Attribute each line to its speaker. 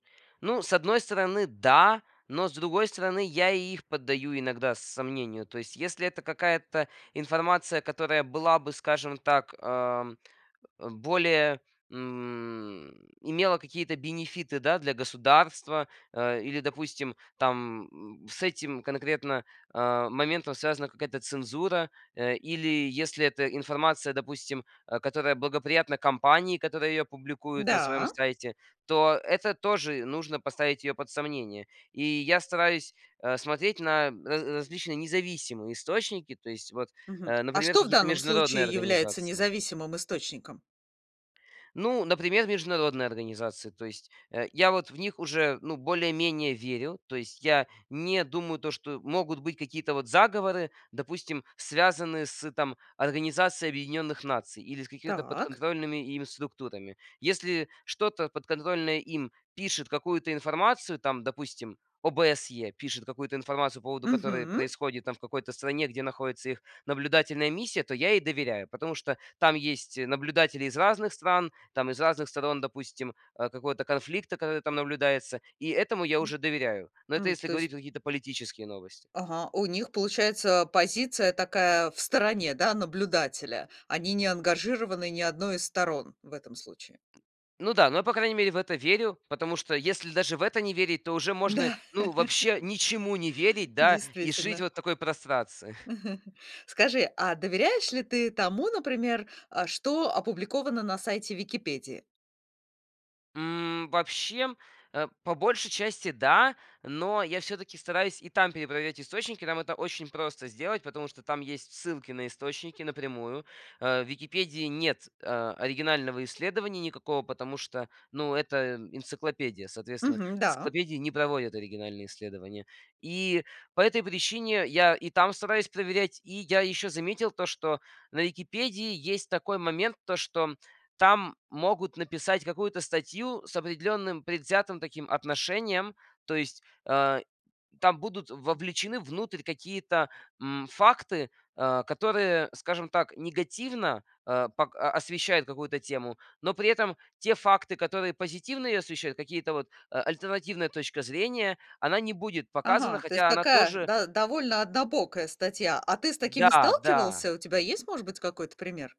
Speaker 1: Ну, с одной стороны, да, но с другой стороны, я и их поддаю иногда сомнению. То есть, если это какая-то информация, которая была бы, скажем так, ам, в более, м, имела какие-то бенефиты, да, для государства, а, или, допустим, там, м, с этим конкретно, а, моментом связана какая-то цензура, э, или если эта информация, допустим, а, которая благоприятна компании, которая ее публикует на своем
Speaker 2: Да.
Speaker 1: сайте, то это тоже нужно поставить ее под сомнение. И я стараюсь, а, смотреть на раз различные независимые источники. То есть вот,
Speaker 2: Мгм.
Speaker 1: э,
Speaker 2: А
Speaker 1: например,
Speaker 2: что в
Speaker 1: какие-то
Speaker 2: данном
Speaker 1: международные
Speaker 2: случае является
Speaker 1: организации.
Speaker 2: независимым источником?
Speaker 1: Ну, например, международные организации. То есть, э, я вот в них уже, ну, более-менее верю. То есть я не думаю, то, что могут быть какие-то вот заговоры, допустим, связанные с там Организацией Объединенных Наций или с какими-то
Speaker 2: Так.
Speaker 1: подконтрольными ими структурами. Если что-то, подконтрольное им, пишет какую-то информацию, там, допустим, ОБСЕ пишет какую-то информацию по поводу, которая
Speaker 2: Мгм.
Speaker 1: происходит там в какой-то стране, где находится их наблюдательная миссия, то я ей доверяю. Потому что там есть наблюдатели из разных стран, там из разных сторон, допустим, а, какого-то конфликта, который там наблюдается. И этому я
Speaker 2: М
Speaker 1: уже доверяю. Но это
Speaker 2: м,
Speaker 1: если
Speaker 2: то
Speaker 1: говорить про
Speaker 2: есть
Speaker 1: какие-то политические новости.
Speaker 2: Ага, у них, получается, позиция такая в стороне, да, наблюдателя. Они не ангажированы ни 1 из сторон в этом случае.
Speaker 1: Ну да, но я, по крайней мере, в это верю, потому что если даже в это не верить, то уже можно,
Speaker 2: Да.
Speaker 1: ну, вообще ничему не верить, да, и жить
Speaker 2: Действительно.
Speaker 1: вот в такой прострации.
Speaker 2: Скажи, а доверяешь ли ты тому, например, а, что опубликовано на сайте "Википедии"?
Speaker 1: М, вообще, а, по большей части, да, но я всё-таки стараюсь и там перепроверять источники. Там это очень просто сделать, потому что там есть ссылки на источники напрямую. А в "Википедии" нет, а, оригинального исследования никакого, потому что, ну, это энциклопедия. Соответственно,
Speaker 2: Мгм, да.
Speaker 1: энциклопедия не проводит оригинальные исследования. И по этой причине я и там стараюсь проверять. И я ещё заметил то, что на "Википедии" есть такой момент, то, что там могут написать какую-то статью с определённым предвзятым таким отношением. То есть, а, там будут вовлечены внутрь какие-то, м, факты, а, которые, скажем так, негативно, э, пок а, освещают какую-то тему. Но при этом те факты, которые позитивно её освещают, какие-то вот альтернативная точка зрения, она не будет показана,
Speaker 2: Ага, то есть
Speaker 1: хотя она
Speaker 2: такая
Speaker 1: тоже
Speaker 2: да довольно однобокая статья. А ты с такими
Speaker 1: Да, да.
Speaker 2: сталкивался? У тебя есть, может быть, какой-то пример?